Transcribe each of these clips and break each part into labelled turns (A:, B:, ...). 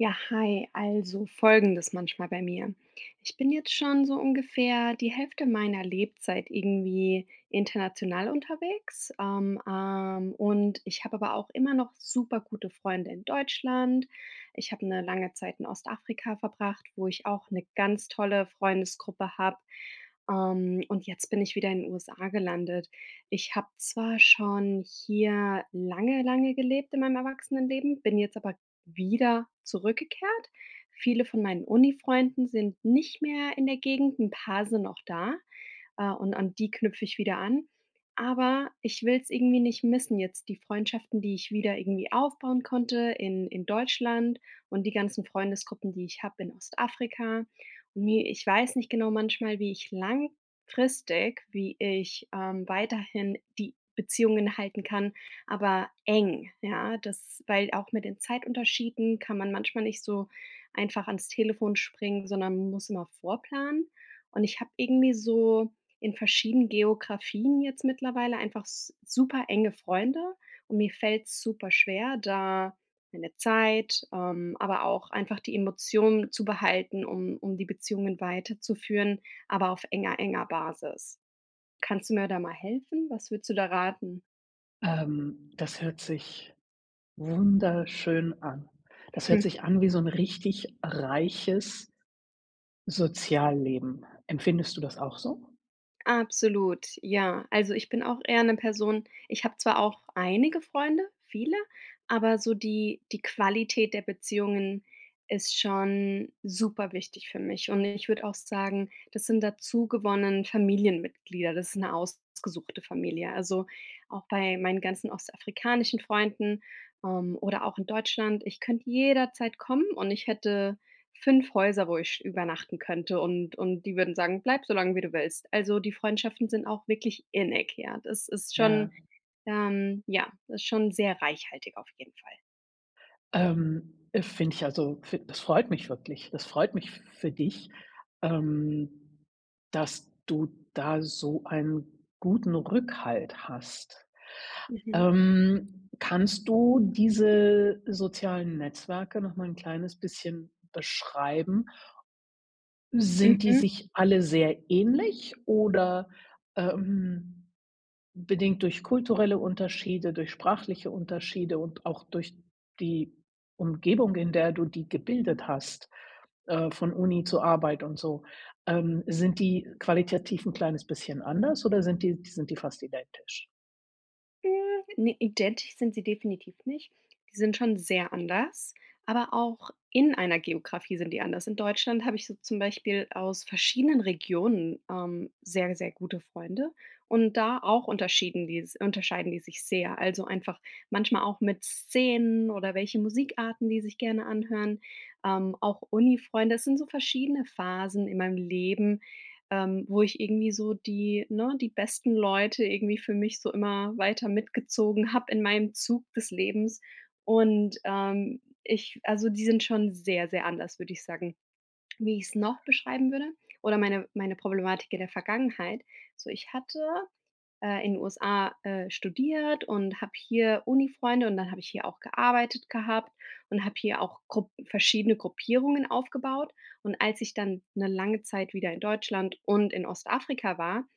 A: Ja, hi. Also, Folgendes manchmal bei mir: Ich bin jetzt schon so ungefähr die Hälfte meiner Lebzeit irgendwie international unterwegs. Ähm, ähm, und ich habe aber auch immer noch super gute Freunde in Deutschland. Ich habe 'ne lange Zeit in Ostafrika verbracht, wo ich auch 'ne ganz tolle Freundesgruppe habe. Ähm, und jetzt bin ich wieder in den USA gelandet. Ich habe zwar schon hier lange, lange gelebt in meinem Erwachsenenleben, bin jetzt aber wieder zurückgekehrt. Viele von meinen Uni-Freunden sind nicht mehr in der Gegend, 'n paar sind noch da, äh, und an die knüpfe ich wieder an. Aber ich will's irgendwie nicht missen jetzt die Freundschaften, die ich wieder irgendwie aufbauen konnte in in Deutschland und die ganzen Freundesgruppen, die ich habe in Ostafrika. Ne, ich weiß nicht genau manchmal, wie ich langfristig wie ich, ähm, weiterhin die Beziehungen halten kann, aber eng. Ja, das weil auch mit den Zeitunterschieden kann man manchmal nicht so einfach ans Telefon springen, sondern muss immer vorplanen. Und ich habe irgendwie so in verschieden Geografien jetzt mittlerweile einfach s super enge Freunde und mir fällt's super schwer da meine Zeit, ähm, aber auch einfach die Emotionen zu behalten, um um die Beziehungen weiterzuführen, aber auf enger enger Basis. Kannst du mir da mal helfen? Was würdest du da raten?
B: Ähm, das hört sich wunderschön an. Das hört
A: Hm.
B: sich an wie so 'n richtig reiches Sozialleben. Empfindest du das auch so?
A: Absolut, ja. Also, ich bin auch eher 'ne Person ich habe zwar auch einige Freunde, viele, aber so die die Qualität der Beziehungen ist schon super wichtig für mich. Und ich würde auch sagen, das sind dazu gewonnen Familienmitglieder, das ist 'ne ausgesuchte Familie. Also, auch bei meinen ganzen ostafrikanischen Freunden, ähm, oder auch in Deutschland, ich könnte jederzeit kommen und ich hätte 5 Häuser, wo ich übernachten könnte und und die würden sagen: „Bleib so lange, wie du willst.“ Also die Freundschaften sind auch wirklich innig. Ja, das ist schon,
B: Ja.
A: ähm ja, das ist schon sehr reichhaltig auf jeden Fall.
B: Ähm, äh, finde ich also, fi das freut mich wirklich. Das freut mich f für dich, ähm, dass du da so einen guten Rückhalt hast.
A: Mhm.
B: Ähm, kannst du diese sozialen Netzwerke nochmal 'n kleines bisschen beschreiben? Sind die
A: Mhm.
B: sich alle sehr ähnlich oder, ähm, bedingt durch kulturelle Unterschiede, durch sprachliche Unterschiede und auch durch die Umgebung, in der du die gebildet hast, äh, von Uni zu Arbeit und so. Ähm, sind die qualitativ 'n kleines bisschen anders, oder sind die sind die fast identisch?
A: Hm, ne, identisch sind sie definitiv nicht. Die sind schon sehr anders, aber auch in einer Geografie sind die anders. In Deutschland habe ich so zum Beispiel aus verschiedenen Regionen, ähm, sehr, sehr gute Freunde. Und, da auch unterschieden die s unterscheiden die sich sehr. Also, einfach manchmal auch mit Szenen oder welche Musikarten, die sich gerne anhören. Ähm, auch Uni-Freunde. Das sind so verschiedene Phasen in meinem Leben, ähm, wo ich irgendwie so die ne, die besten Leute irgendwie für mich so immer weiter mitgezogen habe in meinem Zug des Lebens und, ähm, ich, also die sind schon sehr, sehr anders, würde ich sagen. Wie ich's noch beschreiben würde, oder meine meine Problematik in der Vergangenheit. So ich hatte, äh, in USA, äh, studiert und habe hier Unifreunde und dann habe ich hier auch gearbeitet gehabt und habe hier auch Grupp verschiedene Gruppierungen aufgebaut. Und, als ich dann 'ne lange Zeit wieder in Deutschland und in Ostafrika war,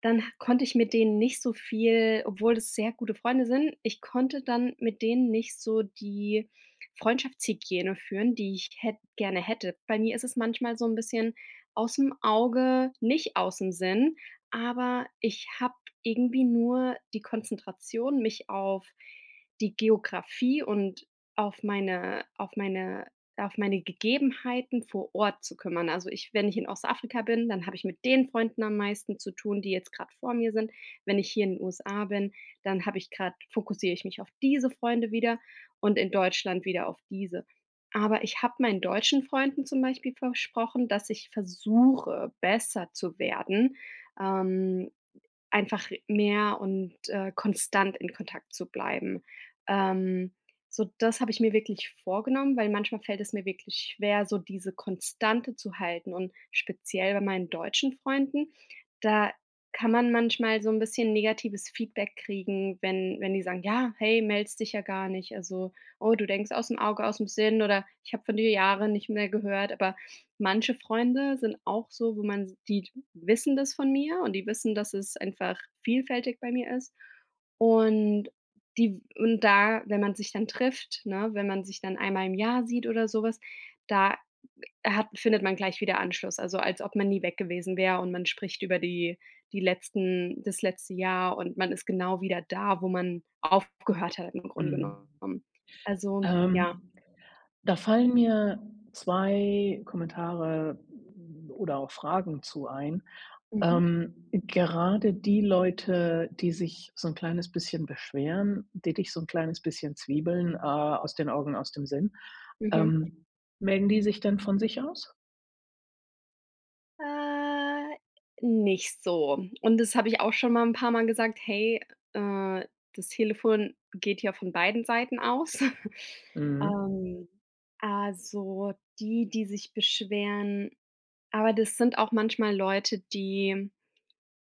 A: dann h konnte ich mit denen nicht so viel obwohl es sehr gute Freunde sind, ich konnte dann mit denen nicht so die Freundschaftshygiene führen, die ich hätt gerne hätte. Bei mir ist es manchmal so 'n bisschen ausm Auge, nicht ausm Sinn, aber ich habe irgendwie nur die Konzentration, mich auf die Geographie und auf meine auf meine auf meine Gegebenheiten vor Ort zu kümmern. Also, ich wenn ich in Ostafrika bin, dann habe ich mit den Freunden am meisten zu tun, die jetzt grad vor mir sind. Wenn ich hier in USA bin, dann habe ich grad fokussiere ich mich auf diese Freunde wieder und in Deutschland wieder auf diese. Aber, ich habe meinen deutschen Freunden zum Beispiel versprochen, dass ich versuche, besser zu werden, ähm, einfach mehr und, äh, konstant in Kontakt zu bleiben. Ähm, so das habe ich mir wirklich vorgenommen, weil manchmal fällt es mir wirklich schwer, so diese Konstante zu halten und speziell bei meinen deutschen Freunden, da kann man manchmal so 'n bisschen negatives Feedback kriegen, wenn wenn die sagen ja: „Hey, meldest dich ja gar nicht“, also: „Oh, du denkst ausm Auge ausm Sinn“, oder: „Ich habe von dir Jahre nicht mehr gehört“, aber manche Freunde sind auch so, wo man sieht, wissen das von mir. Und, die wissen, dass es einfach vielfältig bei mir ist. Und, die w und da, wenn man sich dann trifft, ne, wenn man sich dann einmal im Jahr sieht oder sowas, da hat findet man gleich wieder Anschluss. Also, als ob man nie weg gewesen wäre und man spricht über die die letzten das letzte Jahr. Und, man ist genau wieder da, wo man aufgehört hat im Grunde
B: Mhm.
A: genommen, also, ja.
B: Ähm, da fallen mir 2 Kommentare oder auch Fragen zu ein.
A: Mhm.
B: Ähm, gerade die Leute, die sich so 'n kleines bisschen beschweren, die dich so 'n kleines bisschen zwiebeln, äh: „Aus den Augen aus dem Sinn.“
A: Mhm.
B: Ähm, melden die sich denn von sich aus?
A: Äh, nicht so. Und, das habe ich auch schon mal 'n paar Mal gesagt: „Hey, äh, das Telefon geht ja von beiden Seiten aus“,
B: Mhm.
A: ähm, also die, die sich beschweren aber das sind auch manchmal Leute, die,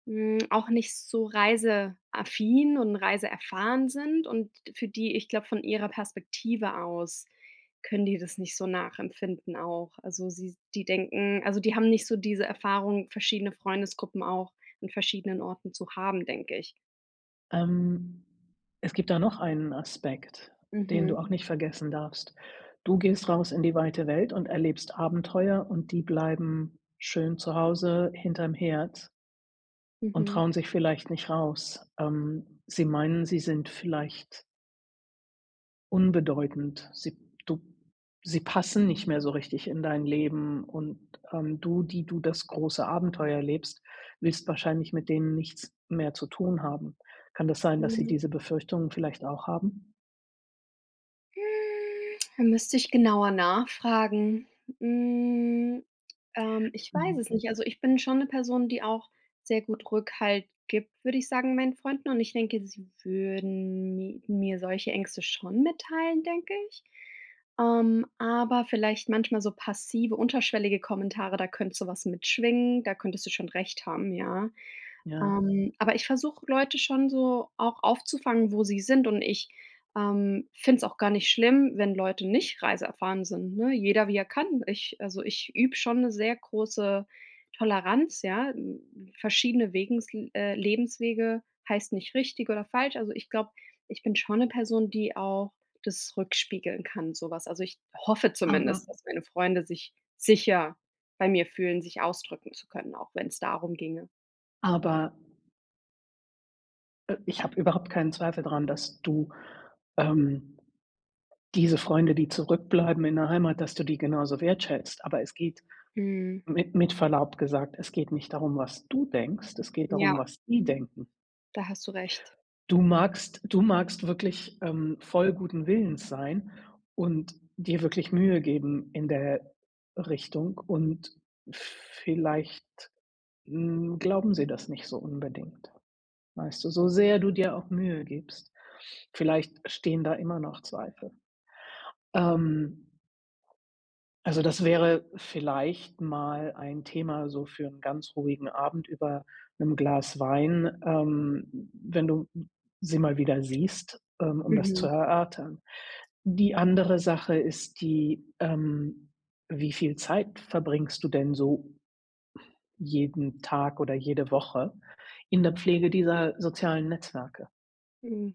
A: hm, auch nicht so reiseaffin und reiseerfahren sind und für die ich glaube, von ihrer Perspektive aus, können die das nicht so nachempfinden auch. Also, sie s die denken also die haben nicht so diese Erfahrung, verschiedene Freundesgruppen auch an verschiedenen Orten zu haben, denke ich.
B: Ähm, es gibt da noch einen Aspekt, den du
A: Mhm.
B: auch nicht vergessen darfst. Du gehst raus in die weite Welt und erlebst Abenteuer und die bleiben schön zu Hause hinter'm Herd und
A: Mhm.
B: trauen sich vielleicht nicht raus. Ähm, sie meinen sie sind vielleicht unbedeutend. Sie du sie passen nicht mehr so richtig in dein Leben und, ähm, du, die du das große Abenteuer erlebst, willst wahrscheinlich mit denen nichts mehr zu tun haben. Kann das sein, dass sie
A: Mhm.
B: diese Befürchtungen vielleicht auch haben?
A: Hm, da müsste ich genauer nachfragen. Hm, ähm, ich weiß
B: Mhm.
A: es nicht. Also, ich bin schon 'ne Person, die auch sehr gut Rückhalt gibt, würde ich sagen, meinen Freunden, und ich denke, sie würden mi mir solche Ängste schon mitteilen, denke ich. Ähm, aber vielleicht manchmal so passive, unterschwellige Kommentare, da könnte sowas mitschwingen. Da könntest du schon recht haben, ja.
B: Ja.
A: Ähm, aber ich versuche, Leute schon so auch aufzufangen, wo sie sind. Und ich, ähm, finde es auch gar nicht schlimm, wenn Leute nicht reiseerfahren sind, ne? Jeder, wie er kann. Ich also, ich übe schon 'ne sehr große Toleranz, ja. N Verschiedene Wegensl äh, Lebenswege heißt nicht richtig oder falsch. Also, ich glaube, ich bin schon 'ne Person, die auch das rückspiegeln kann, sowas. Also, ich hoffe
B: Aber
A: zumindest, dass meine Freunde sich sicher bei mir fühlen, sich ausdrücken zu können, auch wenn's darum ginge.
B: Aber äh, ich habe überhaupt keinen Zweifel dran, dass du, ähm, diese Freunde, die zurückbleiben in der Heimat, dass du die genauso wertschätzt. Aber es geht
A: Mhm.
B: mit mit Verlaub gesagt, es geht nicht darum, was du denkst. Es geht
A: Ja.
B: darum, was die denken.
A: Da hast du recht.
B: Du magst du magst wirklich, ähm, voll guten Willens sein und dir wirklich Mühe geben in der Richtung. Und vielleicht, hm, glauben sie das nicht so unbedingt, weißt du, so sehr du dir auch Mühe gibst. Vielleicht stehen da immer noch Zweifel, ähm Also, das wäre vielleicht mal ein Thema, so für 'n ganz ruhigen Abend über 'nem Glas Wein, ähm, wenn du sie mal wieder siehst, ähm, um das zu
A: Mhm.
B: erörtern. Die andere Sache ist die, ähm, wie viel Zeit verbringst du denn so jeden Tag oder jede Woche in der Pflege dieser sozialen Netzwerke?
A: Mhm.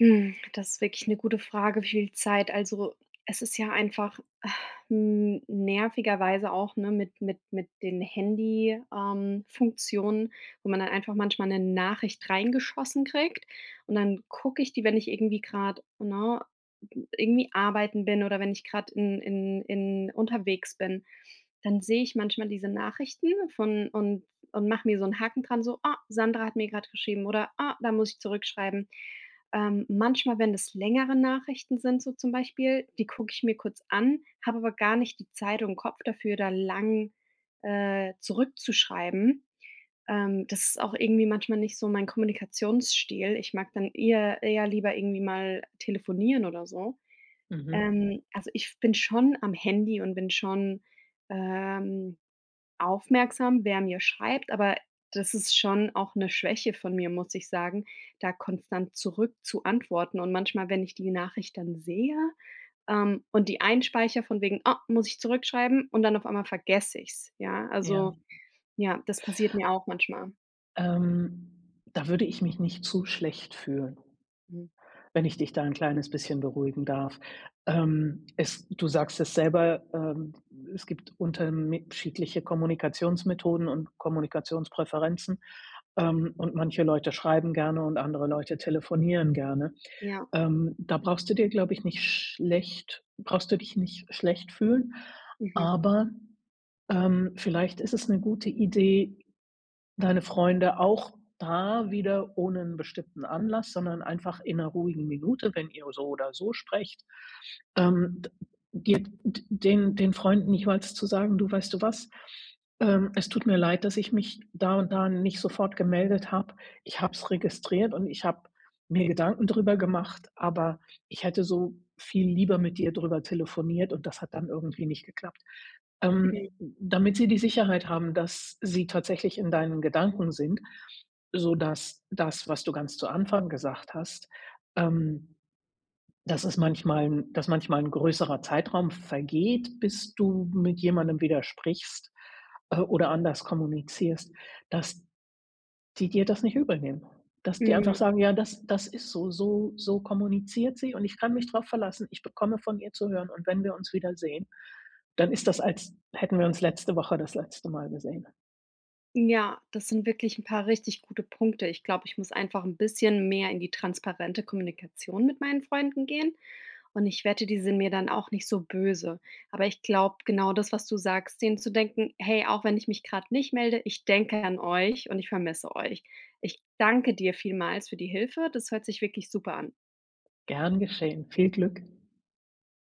A: Hm, das ist wirklich 'ne gute Frage, wie viel Zeit. Also, es ist ja einfach n nervigerweise auch, ne, mit mit mit den Handy ähm, Funktionen, wo man dann einfach manchmal 'ne Nachricht reingeschossen kriegt. Und, dann gucke ich die, wenn ich irgendwie grad ne, irgendwie arbeiten bin, oder wenn ich gerade in in in unterwegs bin, dann sehe ich manchmal diese Nachrichten von und und mache mir so 'n Haken dran, so, „Oh, Sandra hat mir gerade geschrieben.“, oder „Ah, da muss ich zurückschreiben.“ Ähm, manchmal, wenn das längere Nachrichten sind, so zum Beispiel, die gucke ich mir kurz an, habe aber gar nicht die Zeit und Kopf dafür, da lang, äh, zurückzuschreiben. Ähm, das ist auch irgendwie manchmal nicht so mein Kommunikationsstil. Ich mag dann eher eher lieber irgendwie mal telefonieren oder so.
B: Mhm.
A: Ähm, also, ich bin schon am Handy und bin schon, ähm, aufmerksam, wer mir schreibt, aber das ist schon auch 'ne Schwäche von mir, muss ich sagen, da konstant zurück zu antworten und manchmal, wenn ich die Nachricht dann sehe, ähm, und die einspeichere von wegen: „Ah, muss ich zurückschreiben.“ und dann auf einmal vergesse ich es, ja?
B: Ja.
A: Also, ja, das passiert mir auch manchmal.
B: Ähm, da würde ich mich nicht zu schlecht fühlen,
A: Hm.
B: wenn ich dich da 'n kleines bisschen beruhigen darf. Ähm, es du sagst es selber, ähm, es gibt unterme schiedliche Kommunikationsmethoden und Kommunikationspräferenzen, ähm, und manche Leute schreiben gerne und andere Leute telefonieren gerne.
A: Ja.
B: Ähm, da brauchst du dir, glaube ich nicht schlecht brauchst du dich nicht schlecht fühlen,
A: Mhm.
B: aber, ähm, vielleicht ist es 'ne gute Idee, deine Freunde auch da wieder ohne 'n bestimmten Anlass, sondern einfach in 'ner ruhigen Minute, wenn ihr so oder so sprecht, ähm, d dir d den den Freunden jeweils zu sagen: „Du weißt du was? Ähm, es tut mir leid, dass ich mich da und da nicht sofort gemeldet habe. Ich habe es registriert und ich habe mir Gedanken drüber gemacht, aber ich hätte so viel lieber mit dir drüber telefoniert. Und das hat dann irgendwie nicht geklappt.”
A: Ne.
B: Ähm, damit sie die Sicherheit haben, dass sie tatsächlich in deinen Gedanken sind, so, dass das, was du ganz zu Anfang gesagt hast, ähm, dass es manchmal 'n dass manchmal 'n größerer Zeitraum vergeht, bis du mit jemandem wieder sprichst, äh, oder anders kommunizierst, dass die dir das nicht übelnehmen. Dass die einfach
A: Mhm.
B: sagen: „Ja, das das ist so. So so kommuniziert sie, und ich kann mich drauf verlassen, ich bekomme von ihr zu hören. Und wenn wir uns wiedersehen, dann ist das, als hätten wir uns letzte Woche das letzte Mal gesehen.”
A: Ja, das sind wirklich 'n paar richtig gute Punkte. Ich glaube, ich muss einfach 'n bisschen mehr in die transparente Kommunikation mit meinen Freunden gehen. Und ich wette, die sind mir dann auch nicht so böse. Aber ich glaube genau das, was du sagst, den zu denken: „Hey, auch wenn ich mich gerade nicht melde, ich denke an euch und ich vermisse euch.” Ich danke dir vielmals für die Hilfe. Das hört sich wirklich super an.
B: Gern geschehen, viel Glück,